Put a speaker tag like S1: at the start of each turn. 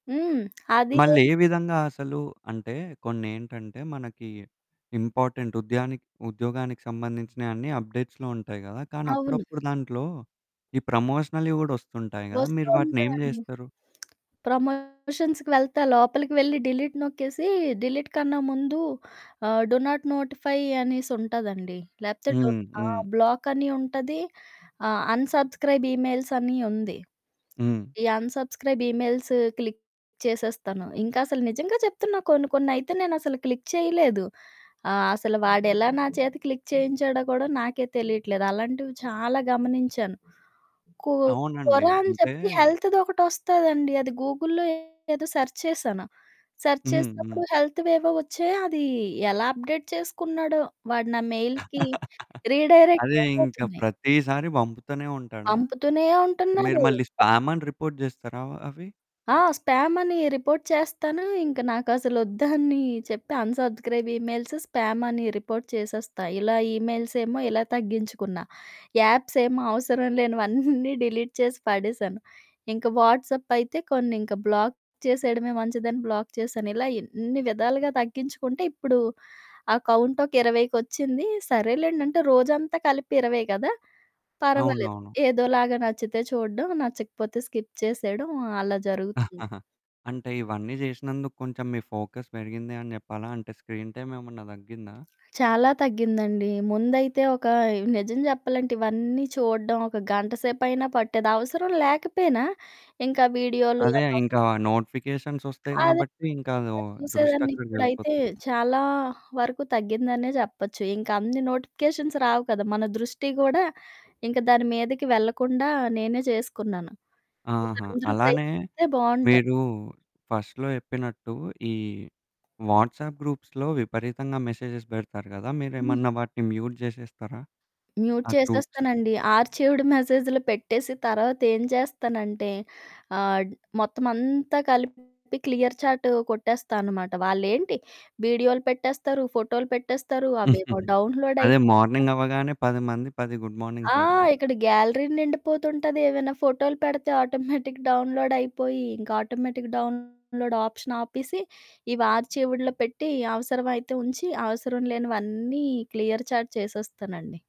S1: హ్మ్. అదీ మ్
S2: మళ్ళేవిధంగా అసలూ అంటే, కొన్నేంటంటే, మనకీ ఇంపార్టెంట్ ఉద్యానికి ఉద్యోగానికి సంబంధించినయన్నీ అప్డేట్స్‌లో ఉంటాయి గదా! కానీ,
S1: అవును.
S2: అప్పుడప్పుడు దాంట్లో ఈ ప్రమోషనల్‌వి గూడా ఒస్తుంటాయి గదా! మీరు వాటినేం
S1: వస్తోంటదండి.
S2: జేస్తరు?
S1: ప్రమోషన్స్‌కి వెళ్తే, లోపలికి వెళ్లి డిలీట్ నొక్కేసీ డిలీట్‌కన్నా ముందు ఆహ్, డు నాట్ నోటిఫై అనేసుంటాదండి. లేపోతే డున్
S2: హ్మ్.
S1: ఆ!
S2: హ్మ్.
S1: బ్లాకని ఉంటది. ఆ! అన్‌సబ్‌స్క్రై‌బ్ ఇమెయిల్సని ఉంది.
S2: హ్మ్.
S1: ఈ అన్‌సబ్‌స్క్రై‌బ్ ఈమెయిల్స్ క్లిక్ చేసేస్తాను. ఇంకసలు నిజంగా చెప్తున్నా, కొన్ని కొన్నయితే నేనసలు క్లిక్ చేయలేదు. ఆహ్, అసలు వాడెలా నా చేత క్లిక్ చేయించాడో గూడా నాకే తెలీట్లేదు. అలాంటివి చాలా గమనించాను. కు
S2: అవునండీ.
S1: కొరా అని చెప్పి
S2: అంటేయ్
S1: హెల్త్‌దొకటొస్తాదండి అది గూగుల్‌లో ఏదో సర్చ్ చేశాను, సర్చ్
S2: హ్మ్. హ్మ్.
S1: చేసినప్పుడు హెల్త్‌వేవో ఒచ్చాయి, అదీ ఎలా అప్డేట్ చేసుకున్నాడో, వాడు నా మెయిల్‌కి
S2: అదే, ఇంక
S1: రీడైరెక్టయిపోతున్నాయి.
S2: ప్రతీసారి పంపుతనే ఉంటాడా?
S1: పంపుతూనే
S2: మీరు
S1: ఉంటున్నాడు.
S2: మళ్ళీ స్పామని రిపోర్ట్ జేస్తారా ఆహ్, అవి?
S1: ఆ! స్పామనీ రిపోర్ట్ చేస్తాను. ఇంక నాకసలొద్దని చెప్పి అన్‌సబ్‌స్క్రై‌బ్ ఇమెయిల్స్ స్పామని రిపోర్ట్ చేసేస్తా. ఇలా ఈమెయిల్సేమో ఇలా తగ్గించుకున్నా. యాప్సేమో అవసరం లేనివన్నీ డిలీట్ చేసి పడేశాను. ఇంక వాట్సప్పయితే కొన్నింక బ్లాక్ చేసెయడమే మంచిదని బ్లాక్ చేశాను. ఇలా ఎన్ని విధాలుగా తగ్గించుకుంటే, ఇప్పుడూ ఆ కౌంటొక ఇరవైకొచ్చింది. సరేలేండంటే, రోజంతా కలిపి 20 గదా! పర్వాలేదు,
S2: అవునవును.
S1: ఏదోలాగా నచ్చితే చూడడం, నచ్చకపోతే స్కిప్ చేసేయడం అలా జరుగుతుంది.
S2: అంటే, ఇవన్నీ జేసినందుకు కొంచెం మీ ఫోకస్ పెరిగింది అని చెప్పాలా? అంటే, స్క్రీన్ టైమ్ ఏమన్నా తగ్గిందా?
S1: చాలా తగ్గిందండీ. ముందైతే ఒకాయ్ నిజం జెప్పాలంటే, ఇవన్నీ చూడడం ఒక గంట సేపయినా పట్టేది. అవసరం లేకపోయినా ఇంకా వీడియోలు
S2: అదే
S1: అన్ని
S2: ఇంక ఆ నోటిఫికేషన్సొస్తయి
S1: వస్తుంటాయి. అదే
S2: గాబట్టీ, ఇంకా లో
S1: పనిగా చూసేదాన్ని. ఇప్పుడైతే
S2: దృష్టక్కడకెళ్ళిపోద్ది.
S1: చాలా వరకు తగ్గిందనే చెప్పచ్చు. ఇంకన్ని నోటిఫికేషన్స్ రావు కదా! మన దృష్టీ గూడా ఇంక దాని మీదకి వెళ్ళకుండా నేనే చేసుకున్నాను. ఇది
S2: ఆహా!
S1: అందరూ
S2: అలానే
S1: ప్రయత్నిస్తే బావుంటారు.
S2: మీరూ ఫస్ట్‌లో చెప్పినట్టూ, ఈ వాట్సాప్ గ్రూప్స్‌లో విపరీతంగా మెసేజెస్ బెడతారు గదా!
S1: హ్మ్.
S2: మీరేమన్నా వాటిని మ్యూట్ జేసేస్తారా?
S1: మ్యూట్
S2: ఆ గ్రూప్స్.
S1: చేసేస్తానండి. ఆర్చీవ్డ్ మెసేజ్‌లో పెట్టేసి తర్వాతేం చేస్తానంటే, ఆహ్, డ్ మొత్తమంతా కలిపి క్లియర్ చాట్ కొట్టేస్తా అనమాట. వాళ్ళేంటి వీడియోలు పెట్టేస్తారు, ఫోటోలు పెట్టేస్తారు, అవేవో డౌన్లోడ్
S2: అదే
S1: అయిపోతయ
S2: మార్నింగవ్వగానే పది మంది, పది గుడ్
S1: ఆ!
S2: మార్నింగ్స్ బెడతారు.
S1: ఇక్కడ గ్యాలరీ నిండిపోతుంటాది. ఏవైనా ఫోటోలు పెడతే ఆటోమేటిక్ డౌన్లోడయిపోయి, ఇంక ఆటోమేటిక్ డౌన్లోడ్ ఆప్షన్ ఆపిసి, ఇవి ఆర్చీవ్డ్‌లో పెట్టి, అవసరమైతే ఉంచి, అవసరం లేనివన్నీ క్లియర్ చాట్ చేసేస్తానండి.